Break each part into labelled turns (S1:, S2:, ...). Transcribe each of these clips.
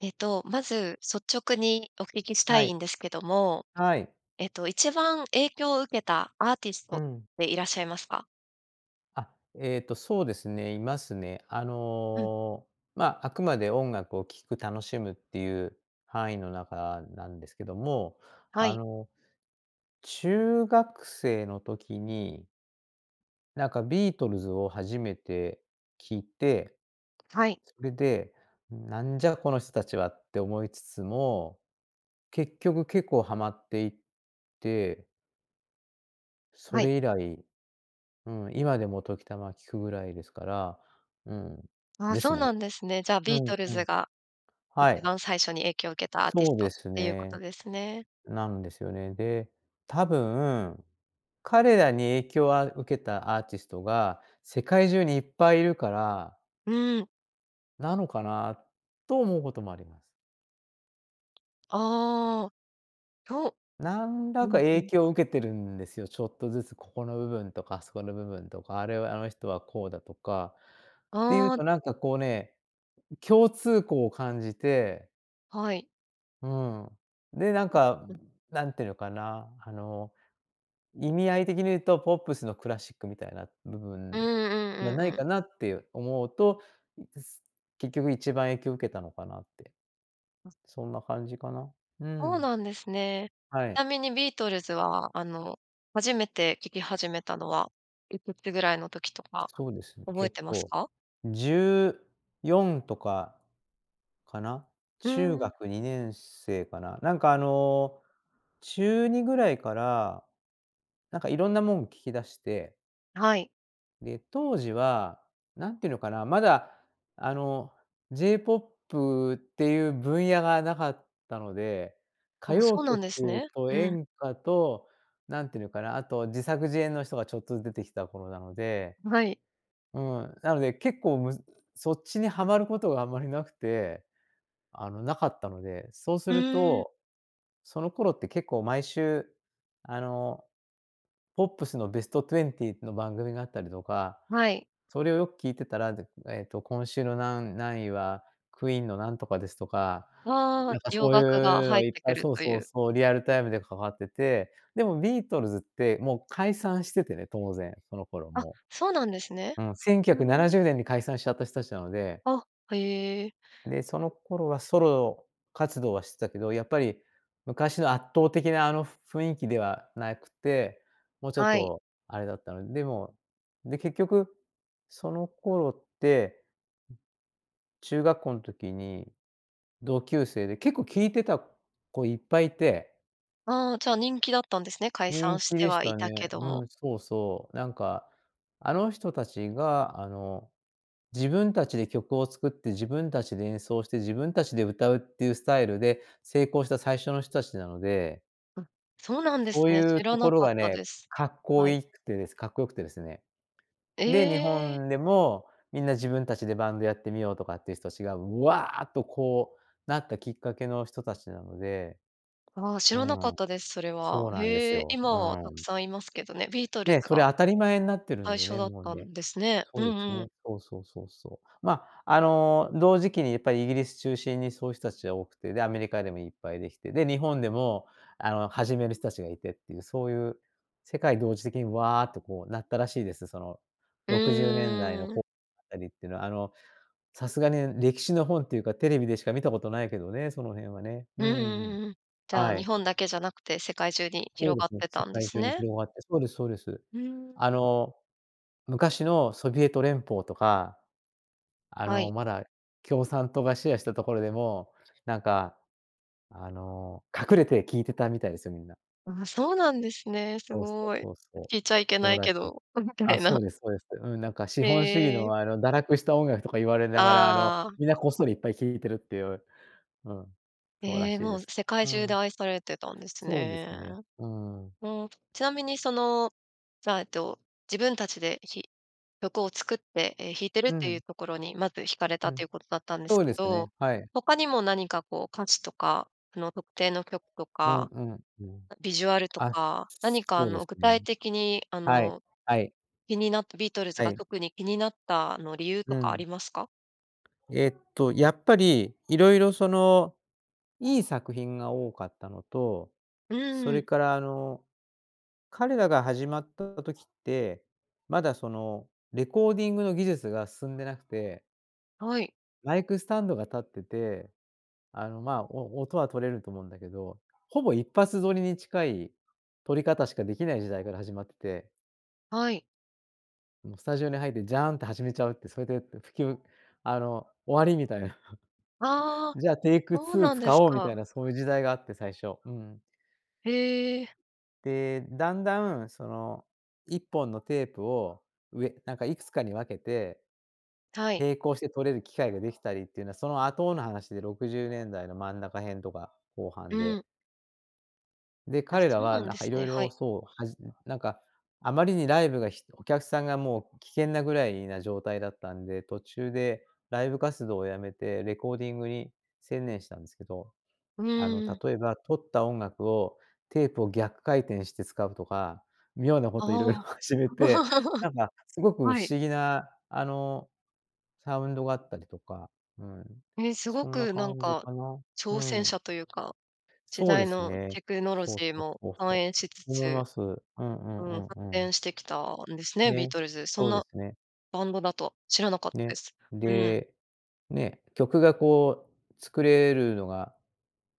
S1: えっと、まず率直にお聞きした
S2: は
S1: い
S2: い。
S1: んですけども、
S2: はい。
S1: えっと一番影響を受けたアーティス
S2: う
S1: トっ
S2: ん。
S1: ていらっしゃいますか？
S2: あ、えっと、そうですね、いますね。あ
S1: うん。
S2: の、ま、あくまで音楽を聴く楽しむっていう範囲の中なんですけども。
S1: は
S2: あ
S1: い。
S2: の、中学生の時になんかビートルズを初めて聴いて、
S1: はい。
S2: それで、なんじゃこの人たちはって思いつつも、結局結構はまっていってそ
S1: はい。
S2: れ以来、うん、今でも時たま聴くぐらいですから、うん、
S1: ああ、
S2: です
S1: そう
S2: ね。
S1: なんですね。じゃあ
S2: う
S1: ビー
S2: ん
S1: トル
S2: う
S1: ズ
S2: ん。
S1: が、
S2: は
S1: 一
S2: い。
S1: 番最初に影響を受けたアーティ
S2: そ
S1: ス
S2: う
S1: トっ
S2: です
S1: ていうこ
S2: ね。
S1: とですね。
S2: なんですよね。で、多分、彼らに影響あを受けたアーティストが世界中にいっぱいいるから
S1: うん。
S2: なのかな、と思うこともありま…
S1: ああ、きょ
S2: なん
S1: う。
S2: ら
S1: う
S2: か
S1: んう
S2: 影
S1: ん。
S2: 響を受けてるんですよ、ちょっとずつここの部分とか、あそこの部分とか、あれは、あの人はこうだとかっていう
S1: ああ。
S2: と、なんか、こうね、共通項を感じて
S1: はい。
S2: うん。で、なんか、
S1: うんうん。
S2: 何て言うのかな、あの、意味合い的に言うとポップスのクラシックみたいな部
S1: う
S2: 分
S1: んう
S2: じゃ
S1: んう
S2: な
S1: んう
S2: いか
S1: ん。
S2: なって思うと、ん、結局1番影響を受けたのかなって。そんな感じかな。う
S1: そう
S2: ん。
S1: なんですね。
S2: は
S1: ち
S2: い。
S1: なみにビートルズは、あの、初めて聴き始めたのは、いくつぐらいの時とか
S2: そうですね。
S1: 覚
S2: え
S1: え
S2: っ
S1: てます
S2: と、
S1: か？
S2: 14とか、かな、
S1: うー
S2: 中
S1: ん。
S2: 学2年生かな、なんか、あの、中2ぐらいから、なんか、色んなもん聴き出して
S1: はい。
S2: で、当時は、何て言うのかな、まだ、あの、J-POP っていう分野がなかったので、歌
S1: あ、
S2: 謡
S1: そうなんです
S2: 曲
S1: ね。
S2: と
S1: うん。
S2: 演歌と、何て言うのかな、あと自作自演の人がちょっとず出てきた頃なので、
S1: うはい。
S2: うん、なので結構むずそっちにはまることがあんまりなくて、あの、無かったので、そうす
S1: う
S2: る
S1: ーん。
S2: と、その頃って結構毎週、あの、ポップスのベストトゥエンティーっての番組があったりとか、
S1: はい。
S2: それをよく聴いてたら、だえっと、今週のなん何位は、クイーンのなんとかですとか、
S1: あ
S2: な
S1: あ、
S2: んか、
S1: 洋
S2: そう
S1: 楽が
S2: いう
S1: 入
S2: の
S1: っ
S2: いっ
S1: て
S2: ぱ
S1: く
S2: い
S1: る
S2: そう
S1: とい
S2: そう
S1: う。
S2: そう、リアル
S1: うん。
S2: タイムでかかってて、でもビートルズってもう解散しててね、当然、その頃、
S1: あ、
S2: も
S1: そうなんですね。
S2: う。うん、せんきゅうひゃくな
S1: うん。
S2: なじゅうねんに解散しちゃった人たちなので
S1: あ、へえ。
S2: で、その頃はソロ活動はしてたけど、やっぱり、昔の圧倒的な、あの、ふ雰囲気ではなくて、もうちょっ
S1: はい。
S2: と、あれだったの、でもで、結局、その頃って中学校の時に、同級生で結構聴いてた子いっぱいいて
S1: ああ、じゃあ人気だったんですね、解
S2: 人
S1: 散し
S2: 気
S1: て
S2: でし
S1: はい
S2: た
S1: た
S2: ね。
S1: けど
S2: う
S1: も。
S2: ん、そうそう。なんか、あの人たちがあの、自分たちで曲を作って自分たちで演奏して自分たちで歌うっていうスタイルで成功した最初の人たちなので
S1: あ、そうなんです
S2: そう
S1: ね。
S2: いう
S1: 知ら
S2: と
S1: な
S2: ころ
S1: かっ
S2: が
S1: たで
S2: ね、
S1: す。
S2: 格好
S1: はい。
S2: いくてです格好良くてですね。で、日
S1: ええ。
S2: 本でもみんな自分たちでバンドやってみようとかっていう人たちがうわあっとこう、なったきっかけの人達なので。
S1: ああ、知
S2: う
S1: らなかっ
S2: ん。
S1: たです、それは。
S2: そうなんです
S1: へえ、
S2: よ。
S1: 今
S2: う
S1: はたく
S2: ん。
S1: さんいますけどね。ビートルズ
S2: ね、それ
S1: が、
S2: 当たり前になってるん
S1: 最
S2: で
S1: 初
S2: ね、
S1: だっ
S2: もう
S1: た
S2: ね。
S1: んですね。
S2: そ
S1: う
S2: うです
S1: んうん。
S2: ね。そうそうそうそう。ま、あの、同時期にやっぱりイギリス中心にそういう人たちが多くて、で、アメリカでもいっぱいできて、で、日本でもあの始める人たちがいてっていう、そういう世界同時的にわっとこうなったらしいです。その、
S1: う
S2: 60年代の
S1: ー
S2: こ
S1: ん。
S2: う あたりっていうのはあの、さすがに歴史の本っていうかテレビでしか見たことないけどね、その辺はね。
S1: う
S2: うんうんうん。
S1: ーん。じゃあ
S2: は
S1: 日
S2: い。
S1: 本だけじゃなくて、世界中に
S2: そう
S1: 広
S2: で
S1: がっ
S2: すね、
S1: てた
S2: 世
S1: んで
S2: 界
S1: す
S2: 中に
S1: ね。
S2: 広がって。そうですそうです。
S1: うーん。
S2: あの、昔のソビエト連邦とか、あ
S1: は
S2: の
S1: い。
S2: まだ共産党がシェアしたところでも、なんか、あの、隠れて聞いてたみたいですよ、みんな。
S1: ああ、そうなんですね。す
S2: そうそう
S1: ごい。
S2: そうそう。
S1: 聞いちゃいけ
S2: そ
S1: な
S2: う
S1: い
S2: らし
S1: け
S2: いです。
S1: ど
S2: あ、そ
S1: な。
S2: うですそうです。うん、なんか資
S1: へ
S2: 本主義
S1: え。
S2: のあの堕落した音楽とか言われながら、あの、
S1: ああ。
S2: みんなこっそりいっぱい聴いてるっていう、うん、そうら
S1: ええ、
S2: しい
S1: も
S2: で
S1: う
S2: す。
S1: 世界
S2: う
S1: 中で
S2: ん。
S1: 愛されてたんです
S2: そうで
S1: ね。
S2: すね、うん。
S1: うん、ちなみにそのじゃあえっと自分たちで、ひ曲を作って、ええ、弾いてるっ
S2: う
S1: ていう
S2: ん。
S1: ところにまず惹かれたっ
S2: う
S1: てい
S2: ん。
S1: うことだったんで
S2: そ
S1: す
S2: う
S1: け
S2: ですね、
S1: ど、
S2: はい。
S1: 他にも何かこう歌詞とかあの特定の曲と
S2: うん
S1: か、
S2: うんうん。
S1: あ、ビジュアルと
S2: あ、
S1: か、何かあ
S2: そうで
S1: の、
S2: す
S1: 具
S2: ね。
S1: 体的に、あ
S2: はい。
S1: の、
S2: はい。
S1: 気になったビートルズ
S2: は
S1: が
S2: い。
S1: 特に気になった、あの理由と
S2: う
S1: かあ
S2: ん。
S1: りますか？
S2: えっと、やっぱり色々その、いい作品が多かったのと、そ
S1: う
S2: れ
S1: ん。
S2: からあの、彼らが始まった時って、まだその、レコーディングの技術が進んでなくて
S1: はい。
S2: マイクスタンドが立ってて、あの、まあ、お音は録れると思うんだけど、ほぼ一発録りに近い録り方しかできない時代から始まって。
S1: はい。
S2: もうスタジオに入ってジャーンって始めちゃうって、それでって、プキュンあの、終わりみたいな。
S1: あ あ、
S2: じゃあ、テイク
S1: そう
S2: ツー
S1: なんで
S2: 使
S1: す
S2: おうみ
S1: か。
S2: たいなそういう時代があって、最初。うん。
S1: へえ。
S2: で、だんだんその、1本のテープを、うえなんかいくつかに分けて、
S1: はい。
S2: 並行して録れる機械ができたりっていうのは、その後の話で60年代の真ん中辺とか後半
S1: う
S2: で。
S1: ん。
S2: で、
S1: あ、
S2: 彼ら
S1: そう
S2: は
S1: なん
S2: な
S1: で
S2: んか
S1: す
S2: 色
S1: ね。は
S2: 々、
S1: い。
S2: そう、はじんなんか、あまりにライブがひお客さんがもう危険なぐらいな状態だったんで、途中でライブ活動をやめてレコーディングに専念したんですけど、
S1: う
S2: あの、
S1: ん。
S2: 例えば録った音楽をテープを逆回転して使うとか、妙なこと色々
S1: あ
S2: 始め
S1: あ、
S2: て、なんかす ごく不
S1: はい。
S2: 思議な、あの、サウンドがあったりとか、うん。
S1: ええ、す
S2: そ
S1: ご
S2: んな
S1: くなん
S2: 感じ
S1: か、
S2: かな。う
S1: 挑戦
S2: ん。
S1: 者というか、時
S2: そうで
S1: 代
S2: す
S1: の
S2: ね。
S1: テクノロジ
S2: そうし、
S1: ー
S2: おふ、
S1: も
S2: ぼふ、
S1: 反
S2: こ。
S1: 映しつ
S2: そう思いま
S1: つ、
S2: す。うんうん
S1: うん、発
S2: うんうん。
S1: 展してきたんですね、ビー
S2: ね、
S1: トルズ。そん
S2: そうで
S1: な
S2: すね。
S1: バンドだと、知らなかった
S2: ね。
S1: です。うん。
S2: で、ね、曲がこう作れるのが、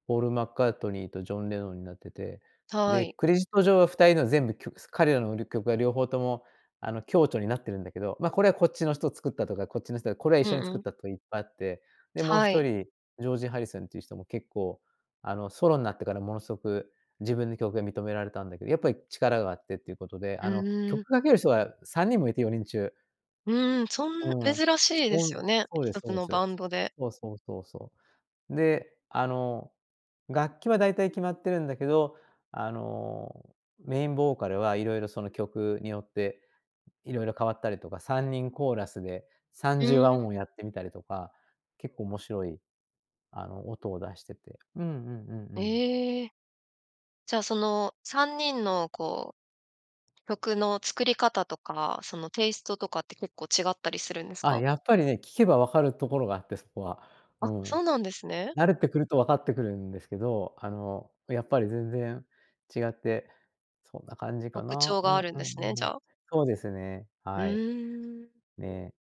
S2: ポールマッカートニーとジョンレノンになってて、
S1: は
S2: で、
S1: い。
S2: クレジット上は2人の全部曲す彼らの、る曲が両方とも、あの、共著になってるんだけど、ま、これはこっちの人作ったとか、こっちの人がこれは一
S1: う
S2: 緒に
S1: んう
S2: 作っ
S1: ん。
S2: たといっぱいあって、で、もうひ
S1: は
S2: と
S1: い。
S2: りジョージハリスンっていう人も結構、あの、ソロんなってからものすごく、自分の曲が認められたんだけど、やっぱり力があってっていうことで、
S1: う
S2: あの、
S1: ーん。
S2: 曲かける人が3人もいて、4人中。
S1: うん、そん
S2: うん、
S1: 珍しいで
S2: そ
S1: すよ
S2: ん
S1: ね、
S2: そう
S1: ひ
S2: です
S1: と
S2: そ
S1: つ
S2: うで
S1: の
S2: す。
S1: バンドで。
S2: そうそうそうそう。で、あの、楽器はだいたい決まってるんだけど、あの、メインボーカルは色々その曲によって、色々変わったりとか、3人コーラスで三
S1: う
S2: 重和音
S1: ん。
S2: をやってみたりとか、結構面白い、あの音を出してて。うんうんうんうん。
S1: ええ。じゃ、その、3人の、こう、曲の作り方とか、その、テイストとかって結構違ったりするんです
S2: あ、
S1: か？
S2: やっぱりね、聞けば分かるところがあってそこは。う
S1: あ、
S2: ん。
S1: そうなんですね。
S2: 慣れてくると分かってくるんですけど、あの、あ、やっぱり全然違って、そんな感じか
S1: 特
S2: な。
S1: 徴
S2: う
S1: があ
S2: ん
S1: るん
S2: うん
S1: ですね、じ
S2: うん。
S1: ゃあ。
S2: そうですね、
S1: う
S2: はい。
S1: ーん。
S2: ね。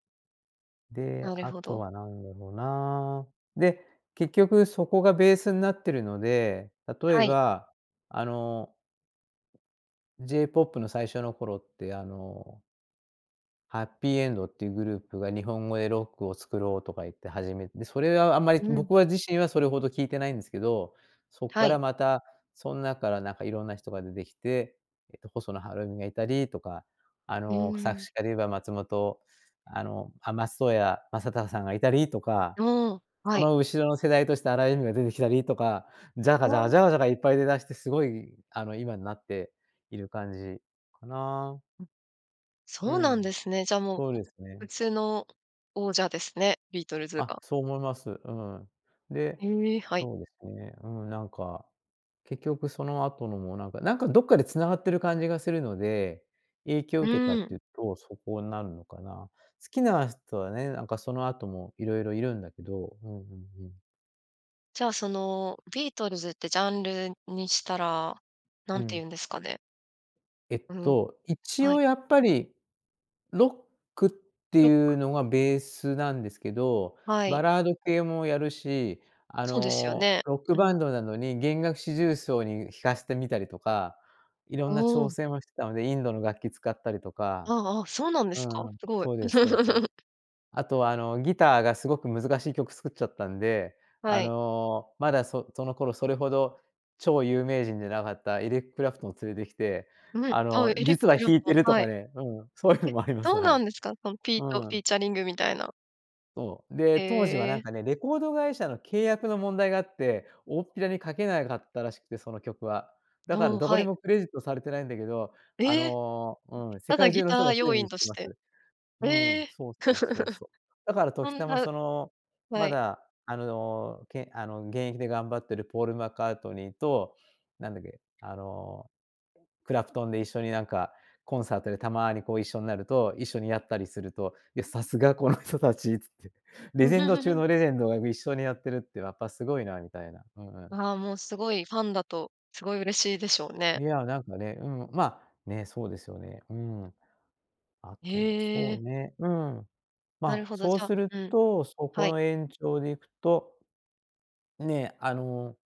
S2: で、
S1: なる
S2: あ
S1: ほ
S2: と
S1: ど。
S2: はなんだろうな。で、結局そこがベースなってるので、例え
S1: はい。
S2: ば、あの J ポップの最初の頃って、あのはっぴいえんどっていうグループが「日本語でロックを作ろう」とか言って始め、で、それはあんまり、
S1: うん。
S2: 僕は自身はそれほど聞いてないんすけど、そっ
S1: は
S2: か
S1: い。
S2: らまた、そん中からなんかいろんな人が出てきて、えっと、細野はるにがいたりとか、あ
S1: う
S2: の、作
S1: ーん。
S2: 詞家で言えば松本あの、あ松任谷正隆さんがいたりとか、
S1: おお、は
S2: そ
S1: い。
S2: の後ろの世代として荒井由実が出てきたりとか、ジャカ
S1: あ
S2: ジャカジャ
S1: あ。
S2: カジャカいっぱい出だしてすごい、あの、今になっている感じかな。
S1: うん。
S2: う
S1: そうなんで
S2: ん。
S1: すね。じゃあ、もう、
S2: そう
S1: ポッ
S2: ですね。
S1: プスの王者ですね、ビートルズ
S2: あ、
S1: が。
S2: そう思います。うん。で、
S1: へえ、はい。
S2: そうですね、うん、なんか、結局その後のもなんか、なんかどっかで繋がってる感じがするので、影響を受けた
S1: う
S2: って
S1: ん。
S2: いうと、そこんなるのかな。好きな人はね、なんかその後も色々いるんだけど、うんうんうん。
S1: じゃあ、その、ビートルズってジャンルにしたら、
S2: う
S1: 何て言
S2: ん。
S1: うんですかね？
S2: えっ
S1: うん、
S2: と、一
S1: はい。
S2: 応、やっぱり、ロックって
S1: ロック。
S2: いうのがベースなんですけど、
S1: は
S2: バ
S1: い。
S2: ラード系もやるし、あ
S1: そうですよ
S2: の、
S1: ね。
S2: ロック
S1: う
S2: バ
S1: ん。
S2: ンドなのに弦楽四重奏に弾かしてみたりとか、色んな挑
S1: [unintelligible]
S2: 戦をしてたので、インドの楽器使ったりとか。
S1: あ、あ、そうなんで
S2: う
S1: すか？
S2: ーん、
S1: すごい。
S2: そうですそうです。あとは、あの、ギターがすごく難しい曲作っちゃったんで、あ
S1: はい。
S2: の、まだそその頃それほど、超有名人じゃなかったエリッククラプトンを連れてきて、
S1: うん、
S2: あ
S1: あ、
S2: の、
S1: エリック
S2: 実は
S1: クラ
S2: 弾
S1: プ
S2: い
S1: ト
S2: てる
S1: ン。
S2: と
S1: は
S2: か
S1: い。
S2: ね、うん、そういう
S1: え、
S2: のもありま
S1: ど
S2: す、
S1: う
S2: は
S1: な
S2: い。
S1: んですか？そのピート、
S2: う
S1: フィー
S2: ん。
S1: チャリングみたいな。
S2: そう、で、
S1: へ
S2: 当時は、なん
S1: え。
S2: かね、レコード会社の契約の問題があって、おおっぴらに書けなかったらしくて、その曲は。だ
S1: ど
S2: から
S1: うん、
S2: どこ
S1: は
S2: に
S1: い。
S2: もクレジットされてないんだけど、あ
S1: え、
S2: の、うん、世
S1: ただ
S2: 界
S1: ギ
S2: 中の人
S1: ター
S2: がすで
S1: 要因
S2: に知っ
S1: と
S2: て
S1: し
S2: ます。
S1: て。
S2: う
S1: え
S2: ん、
S1: え。
S2: そうそうそうそう。だ から
S1: そ
S2: 時
S1: ん
S2: たま、
S1: な
S2: その、
S1: は
S2: ま
S1: い。
S2: だ、あの、けあの、現役で頑張ってるポールマッカートニーと、なんだっけ、あの、クラプトンで一緒に、なんか、コンサートでたまに、こう、一緒になると、一緒にやったりすると、いや、流石この人たちつって、レジェンド中 のレジェンドが一緒にやってるって、やっぱ、すごいなみたいな。うんうん。
S1: ああ、もう、すごいファンだとすごい嬉しいでしょうね。
S2: いや、なんかね、うん、ま、ね、そうですよね。うん。あとは、
S1: へ
S2: そう
S1: え。
S2: ね、うん。
S1: なる
S2: ま、
S1: ほど、
S2: そ
S1: じ
S2: う
S1: ゃ
S2: する
S1: うん、
S2: と、そこ
S1: はい。
S2: の延長でいくと、ね、あの、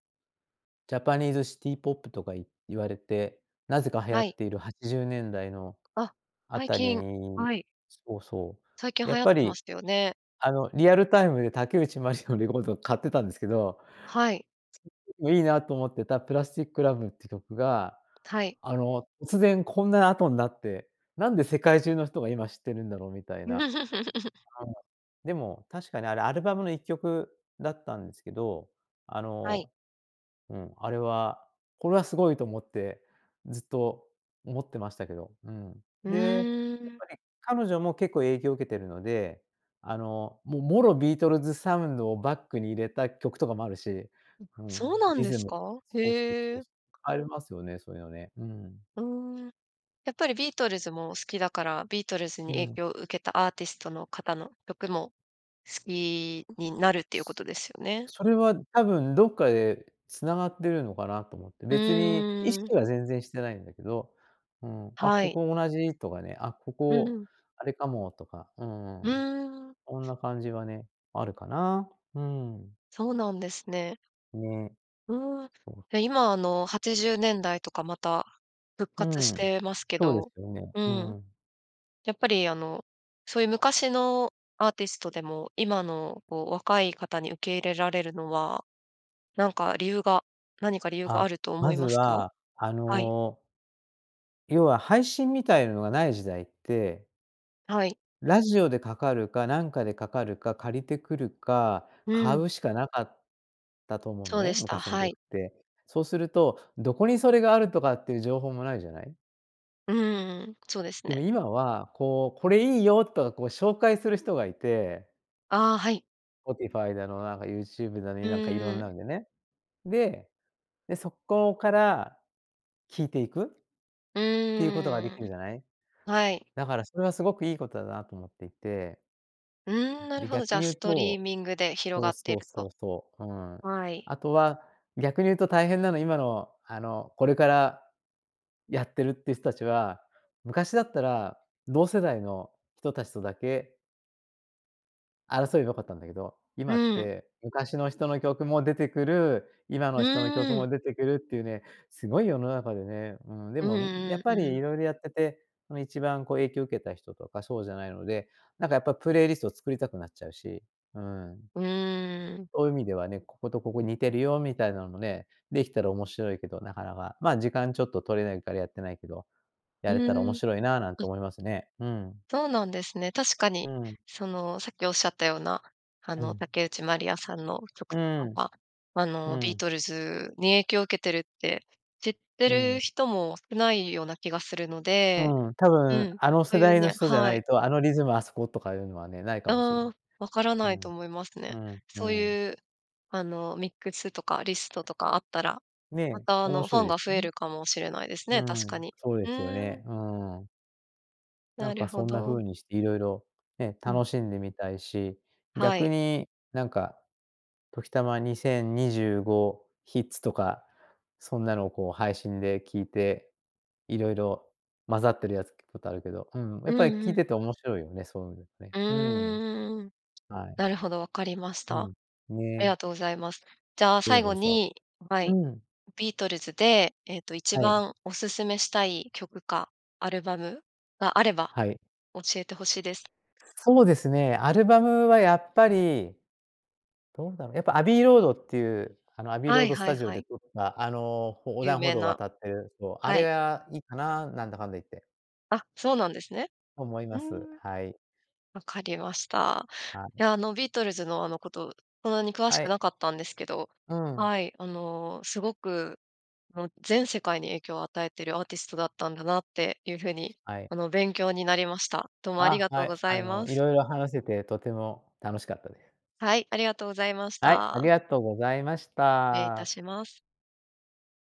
S2: ジャパニーズシティポップとかい言われて、なぜか流行
S1: はい。
S2: っている80年代の
S1: あ、
S2: あ
S1: 最
S2: たり、
S1: 近、はい。
S2: そう、そ
S1: 最近
S2: う、や
S1: 流
S2: っ
S1: 行っ
S2: ぱ
S1: てま
S2: り、
S1: したよね。
S2: あの、リアルタイムで竹内ましのレコード買ってたんですけど、
S1: はい。
S2: そん時も、いいなと思ってたプラスチックラブって曲が、
S1: はい。
S2: あの、突然こんな後んなって、なんで世界中の人が今知ってるんだろうみたいな。うん、でも、確かにあれアルバムの1曲だったんですけど、あ
S1: はい。
S2: の、うん、あれは、これはすごいと思ってずっと思ってましたけど。うん。
S1: う
S2: で、
S1: ー
S2: やっ
S1: ん。
S2: ぱり、彼女も結構影響を受けてるので、あの、もう、もろビートルズサウンドをバックに入れた曲とかもあるし、
S1: うん、
S2: うん、
S1: そうなん
S2: リ
S1: で
S2: ズ
S1: す
S2: ム
S1: か？
S2: そうそう
S1: へ
S2: そう。
S1: え。
S2: ありますよね、そういうのね。うん。
S1: うーん。やっぱり、ビートルズも好きだから、ビートルズに
S2: う
S1: 影
S2: ん。
S1: 響を受けたアーティストの方の曲も好きになるっていうことですよね。
S2: それは多分どっかで繋がってるのかなと思って、
S1: う
S2: 別に意
S1: ーん。
S2: 識は全然してないんだけど、うーん、あ、
S1: は
S2: こ
S1: い。
S2: こ同じとかね、あ、こ
S1: う
S2: こ
S1: ん。
S2: あれかもとか、う
S1: う
S2: ーん。
S1: ーん。
S2: こんな感じがね、あるかな。うーん。
S1: そうなんですね。
S2: ね。
S1: うーん、
S2: そう。
S1: え、今、あの、80年代とかまた復
S2: う
S1: 活し
S2: ん。
S1: てますけ
S2: そうで
S1: ど、
S2: すよね。
S1: う
S2: う
S1: ん。
S2: ん。
S1: やっぱり、あの、そういう昔のアーティストでも、今の、こう、若い方に受け入れられるのは、なんか理由が、何か理由があ
S2: あ、
S1: ると思
S2: ま
S1: い
S2: ず
S1: ますか？
S2: は、あ
S1: はい。
S2: の要は配信みたいのがない時代って
S1: はい。
S2: ラジオでかかるか、何かでかかるか、借りてくるか、
S1: う
S2: 買
S1: ん。
S2: うしかなかったと思うの
S1: そうで
S2: ね、
S1: した。
S2: 昔の
S1: は
S2: 曲
S1: い。
S2: って。そうすると、何処にそれがあるとかっていう情報もないじゃない？
S1: うん、そうです
S2: で
S1: ね。
S2: も今は、こう、「これいいよ」とか、こう、紹介する人がいて
S1: ああ、はい。
S2: スポティファイだの、なんかユーチューブだの、
S1: う
S2: い
S1: ん
S2: なんか色
S1: う
S2: んな
S1: ん。
S2: んでね。でで、そこから聴いていく、
S1: う
S2: っていうことができ
S1: ー
S2: る
S1: ん、
S2: じゃない。
S1: はい。
S2: だからそれはすごくいいことだなと思っていて。
S1: うん、なる
S2: で、
S1: ほど、じ
S2: 逆
S1: ゃあ、
S2: に言う
S1: ストリー
S2: と
S1: ミングで広
S2: そ
S1: が
S2: う
S1: ってい
S2: そう
S1: ると。
S2: そうそう。うん。
S1: はい。
S2: あとは、逆に言うと大変なの、今の、あの、これから、やってるっていう人たちは、昔だったら、同世代の人たちとだけ争えば良かったんだけど、
S1: う
S2: 今っ
S1: ん。
S2: て昔の人の曲も出てくる、今
S1: う
S2: の人の曲
S1: ーん。
S2: も出てくるっていうね、すごい世の中でね。うーん、で
S1: う
S2: もやっ
S1: んう
S2: ぱ
S1: んう
S2: り
S1: ん。
S2: 色々やってて、その、一番、こう、影響を受けた人とかそうじゃないので、なんか、やっぱプレイリストを作りたくなっちゃうし、うん。
S1: うーん。
S2: そういう意味ではね、ここと、ここ似てるよみたいなのもね、できたら面白いけどなかなか。まあ、時間ちょっと取れないからやってないけど、
S1: う
S2: やれたら
S1: ー
S2: 面
S1: ん。
S2: 白いな、なん
S1: う
S2: て
S1: ん。
S2: 思いますね。うん。
S1: そうなんですね。確か
S2: う
S1: に、
S2: ん。
S1: その、さっきおっしゃったような、あ
S2: う
S1: の、
S2: ん。
S1: 竹内まりやさんの曲
S2: う
S1: と
S2: ー
S1: か
S2: ん。
S1: は、あ
S2: う
S1: の、ビー
S2: ん。
S1: トルズに影響を受けてるって知って
S2: うん。
S1: る人も少ないような気がするので。
S2: うん、多
S1: う
S2: 分、
S1: ん、
S2: あの
S1: そう
S2: 世
S1: いう
S2: 代の
S1: ね
S2: 人じゃな
S1: は
S2: い
S1: い。
S2: と、あのリズムあそことかいうのはね、ないかもしれない。
S1: ああ、分から
S2: う
S1: ない
S2: ん。
S1: と思いますね。
S2: うんう
S1: そう
S2: ん。
S1: いう、あの、ミックスとかリストとかあったら、ま
S2: ね、
S1: た、あ
S2: 面
S1: の、フ
S2: 白
S1: ァ
S2: い
S1: ン
S2: で
S1: が
S2: す
S1: 増
S2: よ
S1: え
S2: ね。
S1: るかもしれないです
S2: う
S1: ね、確か
S2: ん、
S1: に。
S2: そうで
S1: う
S2: すよ
S1: ーん。
S2: ね。うん。な
S1: な
S2: ん
S1: る
S2: か、
S1: ほ
S2: そんな
S1: ど。
S2: 風にして色々ね、
S1: うん。
S2: 楽しんでみたいし。
S1: はい。
S2: 逆に、なんか、時たま2025ヒッツとか、そんなのを、こう、配信で聴いて、色々混ざってるやつ聴くことあるけど、うん、や
S1: う
S2: っ
S1: ん
S2: ぱり
S1: う
S2: 聴い
S1: ん。
S2: てて面白いよね、そういう
S1: う
S2: ね。うん。
S1: ーん、
S2: はい。
S1: なるほど、わかりまし
S2: う
S1: た。
S2: ん、
S1: あり
S2: ね。
S1: がとうございます。じゃあ、
S2: で
S1: 最後
S2: もさ
S1: に、は
S2: う
S1: い、
S2: ん。
S1: ビートルズで、えっと、いち
S2: は
S1: ば
S2: い。
S1: んお薦めしたい曲かアルバムがあれば、
S2: はい。
S1: 教えて欲しいです。
S2: そうですね、アルバムは、やっぱり。どうだろう、やっぱ、アビーロードっていう、あの、アビー
S1: は
S2: ロー
S1: い
S2: ドス
S1: はい
S2: タジオ
S1: は
S2: で
S1: い。
S2: 撮った、あの、横
S1: 有
S2: 断歩
S1: 名
S2: 道を
S1: な、
S2: 渡ってる、そう、あ
S1: は
S2: れ
S1: い。
S2: がいいかな、なんだかんだ言って。
S1: あ、そうなんですね。
S2: と思い
S1: う
S2: ま
S1: ー
S2: す、
S1: ん。
S2: はい。
S1: 分かりました。
S2: はい。
S1: いや、あの、ビートルズの、あの、こと、そんなに詳し
S2: は
S1: く
S2: い。
S1: なかったんですけど、
S2: うん。
S1: はい、あの、すごく、あの、全世界に影響を与えているアーティストだったんだなっていう風に、
S2: はい。
S1: あの、勉強になりました。どうもあり
S2: あ、
S1: がと
S2: は
S1: うご
S2: い、
S1: ざ
S2: あ
S1: い
S2: の、
S1: ます。
S2: 色々話せてとても楽しかったです。
S1: はい、ありがとうございまし
S2: はい、あ
S1: た。
S2: りがとうございまし
S1: 失礼いた
S2: た。
S1: します。